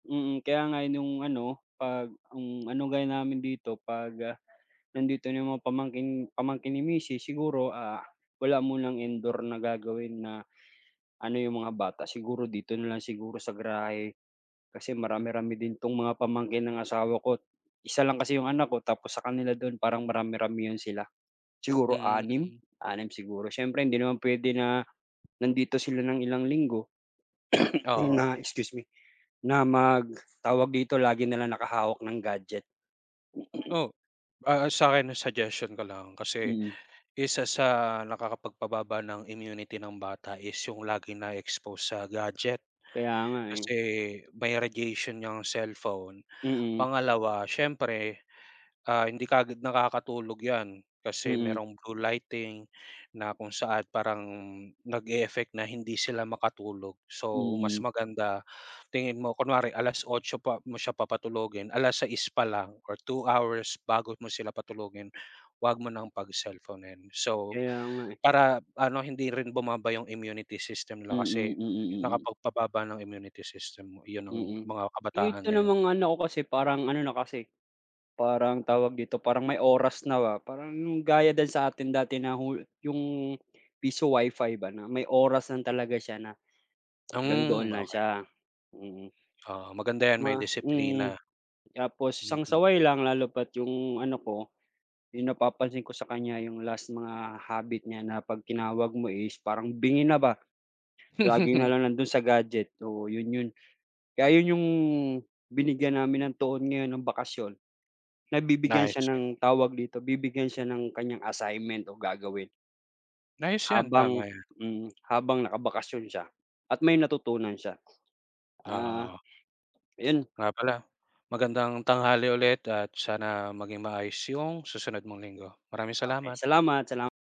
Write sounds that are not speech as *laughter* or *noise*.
Mm, kaya nga nung ano, pag, hmm, ano gawin namin dito, pag, nandito na yung mga pamangkin pamangkin ni misis siguro, ah, wala munang indoor na gagawin na ano yung mga bata, siguro dito na lang siguro sa garahe. Kasi marami-rami din 'tong mga pamangkin ng asawa ko't isa lang kasi yung anak ko tapos sa kanila dun parang marami-ramihan sila. Siguro Mm, anim mm. anim siguro. Siyempre hindi naman pwede na, nandito sila ng ilang linggo, *coughs* Oo. na excuse me, na mag tawag dito, lagi na lang nakahawak ng gadget. *coughs* Oh, ah, sa'kin, ang suggestion ko lang kasi, Mm. isa sa nakakapagpababa ng immunity ng bata is yung laging na-e-expose sa gadget. Kaya nga eh. Kasi may radiation yang cellphone. Mm. Pangalawa, siyempre, ah, hindi kaagad nakakatulog 'yan kasi Mm. merong blue lighting na kung saan parang nag-e-effect na hindi sila makatulog. So mas Mm. maganda tingin mo, kunwari 8:00 pa mo siya papatulugin, 6:00 pa lang or two hours bago mo sila patulugin, huwag mo nang pagselponin. So, Kaya nga eh. para ano hindi rin bumaba yung immunity system nila kasi Mm, mm ,mm. nakapagpababa ng immunity system mo 'yon ng Mm. mga kabataan Ito ngayon. namang anak ko kasi, parang ano na kasi parang tawag dito, parang may oras na, parang gaya din sa atin dati na hulu yung piso WiFi ba na may oras lang talaga siya na hanggang doon Hmm, lang okey. siya. Mm. Ah, maganda yan, may Ma mm. disiplina. Tapos isang Mm. saway lang lalo pa't 'yong ano ko, 'yong napapansin ko sa kanya 'yong last mga habit niya na 'pag tinawag mo is parang bingi na ba. Lagi na *laughs* lang nando'n sa gadget. Oo 'yon 'yon. Kaya, ayun 'yong binigyan namin ng tuon ngayon nang bakasyon, nabibigyan siya *unintelligible* ng tawag dito, bibigyan siya ng kanyang assignment o gagawin. Ayos yan, Habang tama yan. mm, habang nakabakasyon siya at may natutunan siya. Ah Oo. yun. Nga pala, magandang tanghali ulit at sana maging maayos yung susunod mong linggo. Maraming Okey, salamat. salamat, salam